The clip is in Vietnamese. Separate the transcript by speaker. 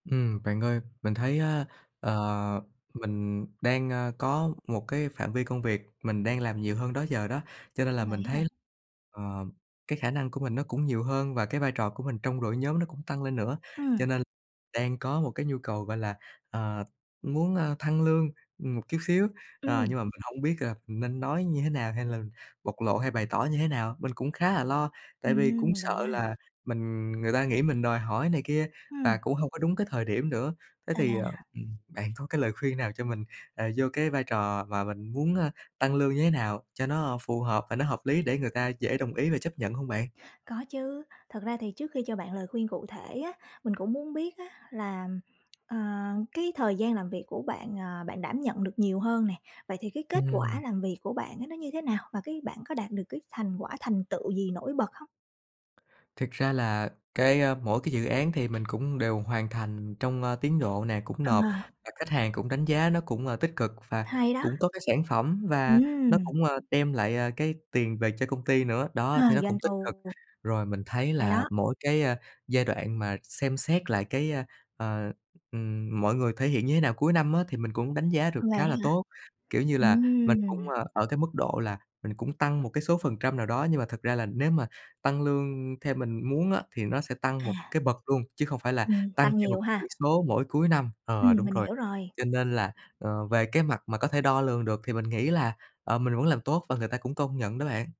Speaker 1: Ừm, bạn ơi, mình thấy á, ờ, mình đang, ơ, có một cái phạm vi công việc mình đang làm nhiều hơn đó giờ đó, cho nên là
Speaker 2: Vậy
Speaker 1: mình
Speaker 2: á ha?
Speaker 1: thấy, ờm, cái khả năng của mình nó cũng nhiều hơn và cái vai trò của mình trong đội nhóm nó cũng tăng lên nữa,
Speaker 2: Ừm.
Speaker 1: cho nên đang có một cái nhu cầu, gọi là, ờ, muốn, ơ, thăng lương một chút xíu. À,
Speaker 2: Ừm.
Speaker 1: nhưng mà mình hông biết, à, nên nói như thế nào hay là bộc lộ hay bày tỏ như thế nào, mình cũng khá là lo, tại vì cũng
Speaker 2: Ừm, vậy
Speaker 1: sợ
Speaker 2: đó ha?
Speaker 1: là mình người ta nghĩ mình đòi hỏi này kia và
Speaker 2: Ừm.
Speaker 1: cũng hông có đúng cái thời điểm nữa. Thế thì, ờ,
Speaker 2: À.
Speaker 1: ừm, bạn có cái lời khuyên nào cho mình, à, vô cái vai trò và mình muốn, ơ, tăng lương như thế nào cho nó phù hợp và nó hợp lý để người ta dễ đồng ý về chấp nhận hông bạn?
Speaker 2: Có chứ, thật ra thì trước khi cho bạn lời khuyên cụ thể á, mình cũng muốn biết á, là, ờ, cái thời gian làm việc của bạn, ờ, bạn đảm nhận được nhiều hơn nè. Vậy thì cái kết quả
Speaker 1: Ừm.
Speaker 2: làm việc của bạn á, nó như thế nào và cái bạn có đạt được cái thành quả, thành tựu gì nổi bật hông?
Speaker 1: Thực ra là cái, ơ, mỗi cái dự án thì mình cũng đều hoàn thành trong, ơ, tiến độ nè, cũng nộp
Speaker 2: Ờ.
Speaker 1: và khách hàng cũng đánh giá nó cũng, ờ, tích cực và
Speaker 2: Hay đó.
Speaker 1: cũng có cái sản phẩm và nó
Speaker 2: Ừm.
Speaker 1: cũng, ờ, đem, ờ, lại cái tiền về cho công ty nữa,
Speaker 2: Ờ,
Speaker 1: đó, thế nó
Speaker 2: doanh
Speaker 1: cũng tích cực.
Speaker 2: thu.
Speaker 1: Rồi mình thấy
Speaker 2: Hay
Speaker 1: là
Speaker 2: đó.
Speaker 1: mỗi cái, ờ, giai đoạn mà xem xét lại cái, ơ, ờ, ừm, mọi người thể hiện như thế nào cuối năm á, thì mình cũng đánh giá được
Speaker 2: Vậy
Speaker 1: khá
Speaker 2: đó
Speaker 1: là
Speaker 2: hả?
Speaker 1: tốt, kiểu như là, mình cũng,
Speaker 2: Ừm.
Speaker 1: ờ, ở cái mức độ là mình cũng tăng một cái số phần trăm nào đó, nhưng mà thực ra là nếu mà tăng lương theo mình muốn á, thì nó sẽ tăng một
Speaker 2: À.
Speaker 1: cái bậc luôn chứ không phải là
Speaker 2: Ừm,
Speaker 1: tăng
Speaker 2: tăng
Speaker 1: theo một
Speaker 2: nhiều
Speaker 1: chỉ
Speaker 2: ha.
Speaker 1: số mỗi cuối năm. Ờ,
Speaker 2: Ừm,
Speaker 1: đúng
Speaker 2: mình
Speaker 1: rồi,
Speaker 2: hiểu rồi.
Speaker 1: cho nên là, ờ, về cái mặt mà có thể đo lường được thì mình nghĩ là, ờ, mình vẫn làm tốt và người ta cũng tôn nhận đó bạn.